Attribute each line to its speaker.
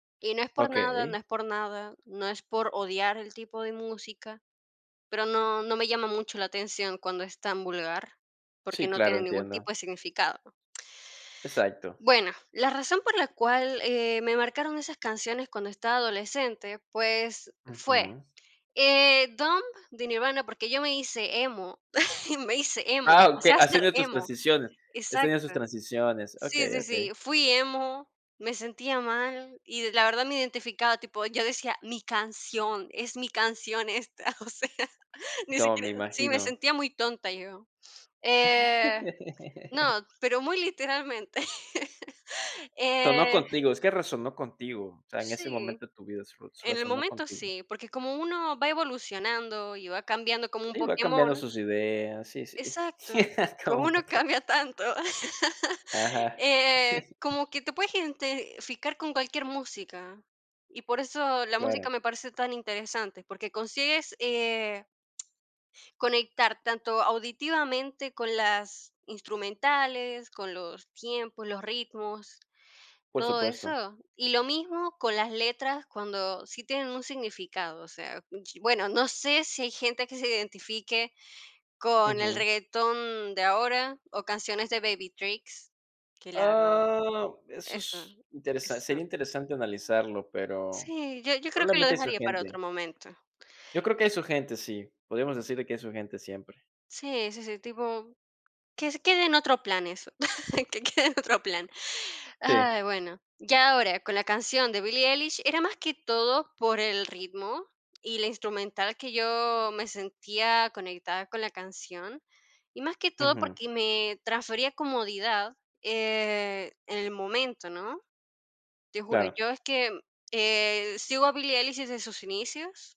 Speaker 1: Y no es por nada, no
Speaker 2: Okey.
Speaker 1: es por nada, no es por odiar el tipo de música, pero no, no me llama mucho la atención cuando es tan vulgar, porque
Speaker 2: Sí,
Speaker 1: no
Speaker 2: claro,
Speaker 1: tiene ningún tipo
Speaker 2: entiendo.
Speaker 1: de significado.
Speaker 2: Exacto.
Speaker 1: Bueno, la razón por la cual, eh, me marcaron esas canciones cuando estaba adolescente, pues fue,
Speaker 2: Ujú.
Speaker 1: eh, Dump de Nirvana, porque yo me hice emo, me hice emo,
Speaker 2: Ah,
Speaker 1: o
Speaker 2: okey,
Speaker 1: sea,
Speaker 2: has
Speaker 1: ser
Speaker 2: tenido tus
Speaker 1: emo
Speaker 2: transiciones, has tenido sus
Speaker 1: exacto.
Speaker 2: transiciones,
Speaker 1: Sí,
Speaker 2: okey,
Speaker 1: sí, sí,
Speaker 2: okey.
Speaker 1: fui emo, me sentía mal, y la verdad me identificaba, tipo, yo decía: "Mi canción. Es mi canción esta". O sea, ni
Speaker 2: To me
Speaker 1: siquiera sí, me
Speaker 2: imagino.
Speaker 1: sentía muy tonta, yo. Eh, no, pero muy literalmente.
Speaker 2: Sonó
Speaker 1: Eh
Speaker 2: contigo, es que resonó contigo, o sea, en ese
Speaker 1: Sí,
Speaker 2: momento de tu vida, sre
Speaker 1: en el
Speaker 2: resonó
Speaker 1: momento
Speaker 2: contigo.
Speaker 1: sí, porque como uno va evolucionando y va cambiando como un
Speaker 2: Sí, va cambiando
Speaker 1: Pokémon
Speaker 2: sus ideas. Sí, sí.
Speaker 1: exacto,
Speaker 2: Como
Speaker 1: como
Speaker 2: un
Speaker 1: uno
Speaker 2: Poké
Speaker 1: cambia tanto.
Speaker 2: Ajá.
Speaker 1: Eh, como que te puedes identificar con cualquier música, y por eso la música
Speaker 2: Claro.
Speaker 1: me parece tan interesante, porque consigues, eh conectar tanto auditivamente con las instrumentales, con los tiempos, los ritmos,
Speaker 2: Por
Speaker 1: todo
Speaker 2: supuesto.
Speaker 1: eso. Y lo mismo con las letras, cuando sí tienen un significado. O sea mm, chi bueno, no sé si hay gente que se identifique con el
Speaker 2: Ujú.
Speaker 1: reguetón de ahora o canciones de Baby Tricks, que la verdad
Speaker 2: Oh, eso
Speaker 1: eso,
Speaker 2: s interesa
Speaker 1: eso.
Speaker 2: sería interesante analizarlo, pero
Speaker 1: Sí, yo yo creo que lo
Speaker 2: probablemente hay su
Speaker 1: dejaría para otro
Speaker 2: gente.
Speaker 1: momento.
Speaker 2: Yo creo que hay su gente, sí. Podríamos decir de que hay su gente siempre.
Speaker 1: Sí, sí, sí, tipo, que se quede en otro plan eso, que quede en otro plan.
Speaker 2: Sí.
Speaker 1: Ay, bueno. Ya ahora, con la canción de Billie Eilish, era más que todo por el ritmo y la instrumental que yo me sentía conectada con la canción, y más que todo
Speaker 2: Ujú.
Speaker 1: porque me transfería comodidad, eh, en el momento, ¿no? Te juro,
Speaker 2: Claro.
Speaker 1: yo es que, eh, sigo a Billie Eilish desde sus inicios